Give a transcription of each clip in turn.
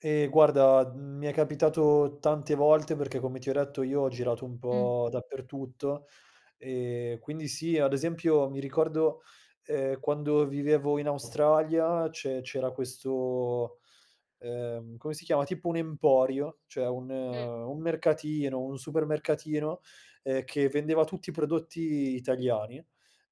Ehm, guarda, uhm, mi è capitato tante volte perché come ti ho detto io ho girato un Mh. po' dappertutto, ehm, quindi sì, ad esempio mi ricordo, ehm, quando vivevo in Australia c'e c'era questo, ehm, come si chiama, tipo un emporio, cioè un Mh. un mercatino, un supermercatino, ehm, che vendeva tutti prodotti italiani.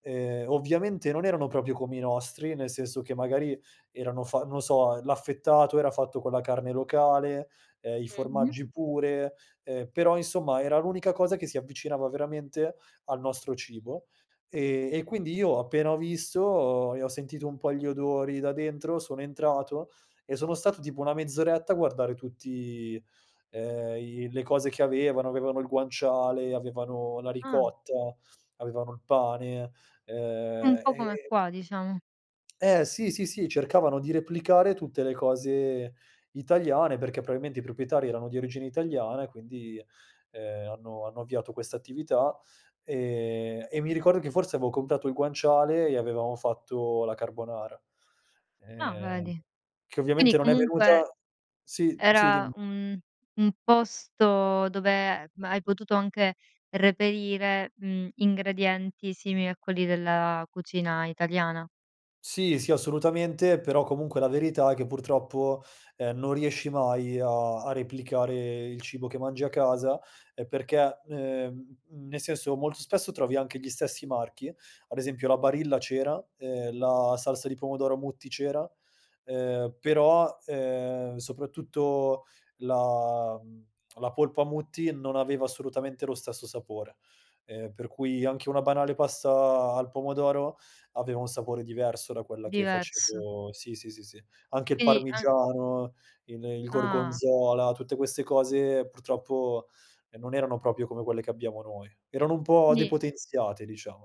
Ehm, ovviamente non erano proprio come i nostri, nel senso che magari erano fa non so, l'affettato era fatto con la carne locale, ehm, i Mh-mh. formaggi pure, ehm, però, insomma, era l'unica cosa che si avvicinava veramente al nostro cibo, ehm, e quindi io appena ho visto e ho sentito un po' gli odori da dentro, sono entrato e sono stato tipo una mezz'oretta a guardare tutti, ehm, i le cose che avevano; avevano il guanciale, avevano la Ah. ricotta, avevano il pane, Un ehm, po' come e qua diciamo. Eh sì, sì, sì, cercavano di replicare tutte le cose italiane, perché probabilmente i proprietari erano di origine italiana quindi, ehm, hanno hanno avviato questa attività. Ehm, e mi ricordo che forse avevo comprato il guanciale e avevamo fatto la carbonara, Ah, ehm, vedi. che Quindi ovviamente non è comunque venuta sì, sì era dimmi. un un posto dove, ehm, hai potuto anche reperire, mhmm, ingredienti simili a quelli della cucina italiana. Sì, sì, assolutamente, però comunque la verità è che purtroppo, ehm, non riesci mai a a replicare il cibo che mangi a casa, ehm, perché, ehm, uhm, nel senso, molto spesso trovi anche gli stessi marchi, ad esempio la Barilla c'era, ehm, la salsa di pomodoro Mutti c'era, ehm, però, ehm, soprattutto la, mhmm, la polpa Mutti non aveva assolutamente lo stesso sapore, ehm, per cui anche una banale pasta al pomodoro, aveva un sapore diverso da quella che Diverso. facevo sì, sì, sì, sì. Anche il Quindi an parmigiano, il il Ah. gorgonzola, tutte queste cose purtroppo, ehm, non erano proprio come quelle che abbiamo noi. Erano un po' Quindi depotenziate diciamo.